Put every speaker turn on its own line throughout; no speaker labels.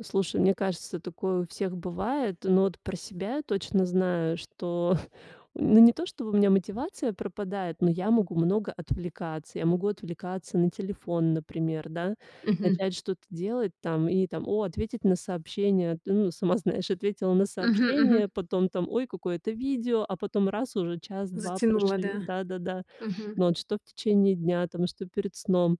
Слушай, мне кажется, такое у всех бывает. Но вот про себя я точно знаю, что ну, не то, что бы у меня мотивация пропадает, но я могу много отвлекаться. Я могу отвлекаться на телефон, например, да,
Мгм.
начать что-то делать там и там, о, ответить на сообщение. Ну, сама знаешь, ответила на
Мгм, мгм.
сообщение, потом там: ой, какое-то видео, а потом раз уже час-два
Затянуло,
прошли.
да.
Да-да-да.
Мгм.
Но вот что в течение дня там, что перед сном.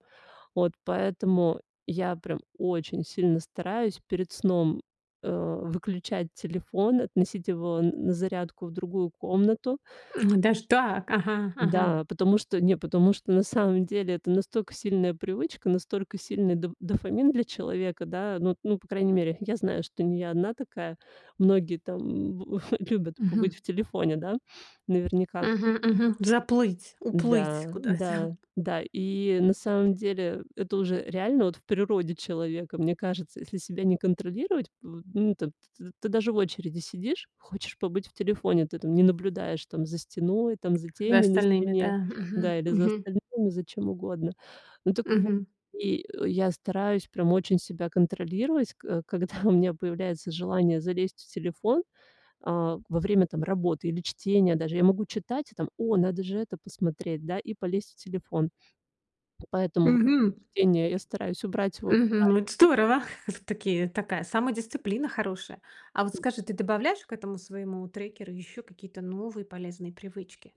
Вот поэтому я прям очень сильно стараюсь перед сном, э, выключать телефон, относить его на зарядку в другую комнату.
М, даже так, ага, ага.
Да, потому что, не потому что, на самом деле, это настолько сильная привычка, настолько сильный доф дофамин для человека. Да, ну, ну, по крайней мере, я знаю, что не я одна такая. Многие там любят
Мгм.
побыть в телефоне, да, наверняка.
Мгм, мгм. Заплыть уплыть
Да,
куда-то.
да, да. И, на самом деле, это уже реально вот в природе человека. Мне кажется, если себя не контролировать, ну, т ты даже в очереди сидишь, хочешь побыть в телефоне. Ты там не наблюдаешь там за стеной, там за
За
тенью на
остальными,
стене.
да. Мгм,
Да или за
мгм.
остальными за чем угодно. Ну, так вот
Мгм.
и я стараюсь прям очень себя контролировать, ко когда у меня появляется желание залезть в телефон. А, во время там работы или чтения даже я могу читать и там: о, надо же это посмотреть, да, и полезть в телефон. Поэтому во
Мгм.
время чтения я стараюсь убрать его подальше.
Мгм, это здорово, это такие, такая самодисциплина хорошая. А вот скажи, ты добавляешь к этому своему трекеру ещё какие-то новые полезные привычки?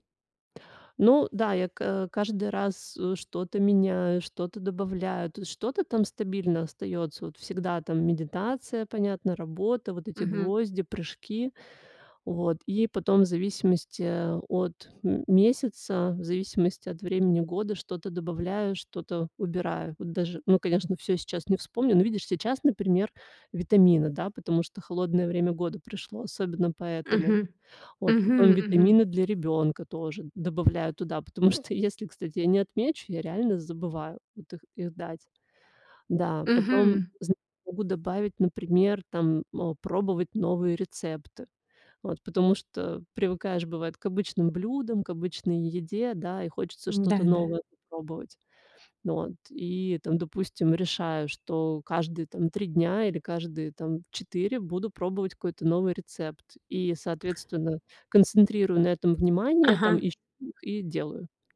Ну да, я ка каждый раз, э, что-то меняю, что-то добавляю, то что-то там стабильно остаётся. Вот всегда там медитация, понятно, работа, вот эти
Мгм.
гвозди, прыжки. Вот, и потом, в зависимости от м месяца, в зависимости от времени года, что-то добавляю, что-то убираю. Вот даже, ну, конечно, всё сейчас не вспомню. Но видишь, сейчас, например, витамины, да, потому что холодное время года пришло, особенно поэтому.
Мгм,
Вот,
мгм
потом
мгм.
витамины для ребёнка тоже добавляю туда, потому что если, кстати, я не отмечу, я реально забываю вот их их дать. Да, потом
Мгм.
зн могу добавить, например, там, э, пробовать новые рецепты. Вот, потому что привыкаешь бывает к обычным блюдам, к обычной еде, да, и хочется
М-да,
что-то
да.
новое попробовать. Вот, и там, допустим, решаю, что каждые там 3 дня или каждые там 4, буду пробовать какой-то новый рецепт. И соответственно, концентрирую на этом внимание там
Ага.
и чт и делаю.